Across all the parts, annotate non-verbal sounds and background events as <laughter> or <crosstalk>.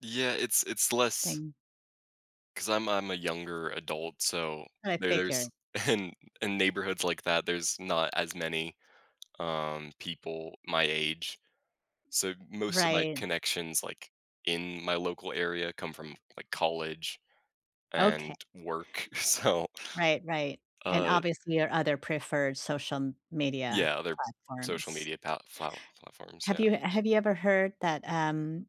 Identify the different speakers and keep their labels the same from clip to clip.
Speaker 1: Yeah, it's it's less
Speaker 2: Thing.
Speaker 1: 'cause I'm I'm a younger adult, so
Speaker 2: I
Speaker 1: there there's
Speaker 2: figure.
Speaker 1: in in neighborhoods like that, there's not as many, um, people my age, so most of my
Speaker 2: Right.
Speaker 1: connections, like, in my local area come from, like, college
Speaker 2: Oka
Speaker 1: and work, so
Speaker 2: Right, right. And,
Speaker 1: uh
Speaker 2: obviously, your other preferred social m media
Speaker 1: Yeah, other social
Speaker 2: platforms.
Speaker 1: media palt flaut platforms,
Speaker 2: Have
Speaker 1: yeah.
Speaker 2: you have you ever heard that, um,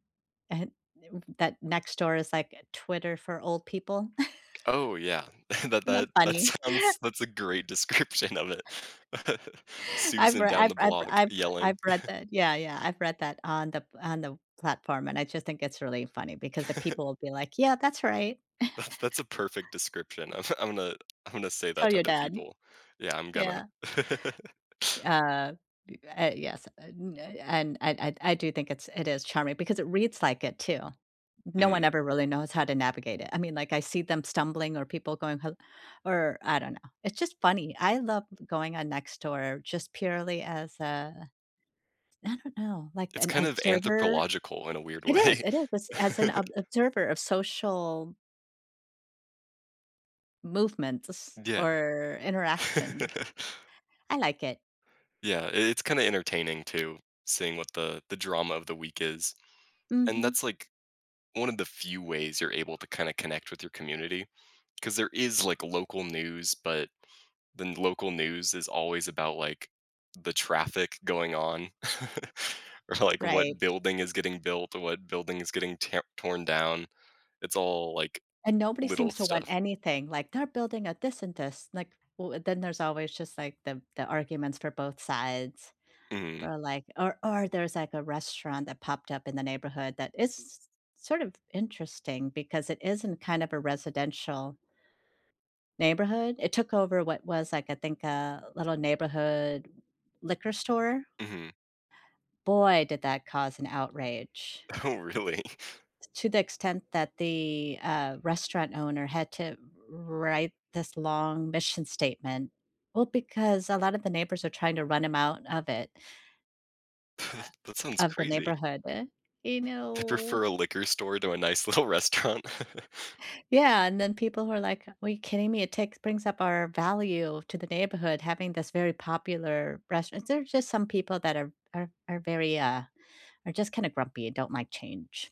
Speaker 2: eh, he <unintelligible> that Nextdoor is like a Twitter for old people?
Speaker 1: Oh, yeah.
Speaker 2: <chuckles>
Speaker 1: <chuckles> The
Speaker 2: Isn't that
Speaker 1: that that
Speaker 2: funny?
Speaker 1: sounds
Speaker 2: <chuckles>
Speaker 1: that's a great description of it. <chuckles>
Speaker 2: I've
Speaker 1: Susan
Speaker 2: rea
Speaker 1: down
Speaker 2: I've
Speaker 1: the
Speaker 2: I've r
Speaker 1: block
Speaker 2: I've r
Speaker 1: yelling.
Speaker 2: I've read
Speaker 1: <chuckles>
Speaker 2: that Yeah, yeah, I've read that on the p on the platform, and I just think it's really funny because the people will be
Speaker 1: <chuckles>
Speaker 2: like, "Yeah, that's right."
Speaker 1: That's that's
Speaker 2: <chuckles>
Speaker 1: a perfect description of I'm gonna I'm gonna say that
Speaker 2: Tell
Speaker 1: to
Speaker 2: your
Speaker 1: other
Speaker 2: dad.
Speaker 1: people. Yeah, I'm
Speaker 2: Yeah.
Speaker 1: gonna <laughs>
Speaker 2: D uh, d uh, yes, and, uh, y and I I d I do think it's it is charming because it reads like it, too. No one
Speaker 1: Mhm.
Speaker 2: ever really knows how to navigate it. I mean, like, I see them stumbling or people going ho or I don't know, it's just funny. I love going on Nextdoor just purely as a I don't know, like
Speaker 1: It's
Speaker 2: an
Speaker 1: kind of
Speaker 2: observer?
Speaker 1: anthropological in a weird
Speaker 2: It is,
Speaker 1: way.
Speaker 2: it is, as as
Speaker 1: <laughs>
Speaker 2: an ob observer of social movement to s
Speaker 1: Yeah.
Speaker 2: or interactions.
Speaker 1: <laughs>
Speaker 2: I like it.
Speaker 1: Yeah, i it's kinda entertaining too, seeing what the the drama of the week is, and
Speaker 2: Mhm.
Speaker 1: that's, like, one of the few ways you're able to kinda connect with your community, 'cause there is, like, local news, but then local news is always about, like, the traffic going on, <chuckles> or, like,
Speaker 2: Right.
Speaker 1: what building is getting built, or what building is getting tam torn down. It's all, like,
Speaker 2: And nobody
Speaker 1: little
Speaker 2: seems to want
Speaker 1: stuff.
Speaker 2: anything, like, "They're building a this and this," like, will and then there's always just, like, the the arguments for both sides,
Speaker 1: Mhm.
Speaker 2: or like or or there's, like, a restaurant that popped up in the neighborhood that is sort of interesting because it is in kind of a residential neighborhood. It took over what was, like, I think, a little neighborhood liquor store?
Speaker 1: Mhm.
Speaker 2: Boy, did that cause an outrage.
Speaker 1: Oh, really?
Speaker 2: t to the extent that the, uh, restaurant owner had to wr write this long mission statement. Well, because a lot of the neighbors are trying to run him out of it uh,
Speaker 1: <chuckles> That sounds
Speaker 2: of the
Speaker 1: crazy.
Speaker 2: neighborhood. You
Speaker 1: "I
Speaker 2: know?
Speaker 1: prefer a liquor store to a nice little restaurant." <laughs>
Speaker 2: Yeah, and then people who are like, "Well you kidding me, it takes brings up our value to the neighborhood having this very popular rest" and there's just some people that are are are very, uh are just kinda grumpy and don't like change.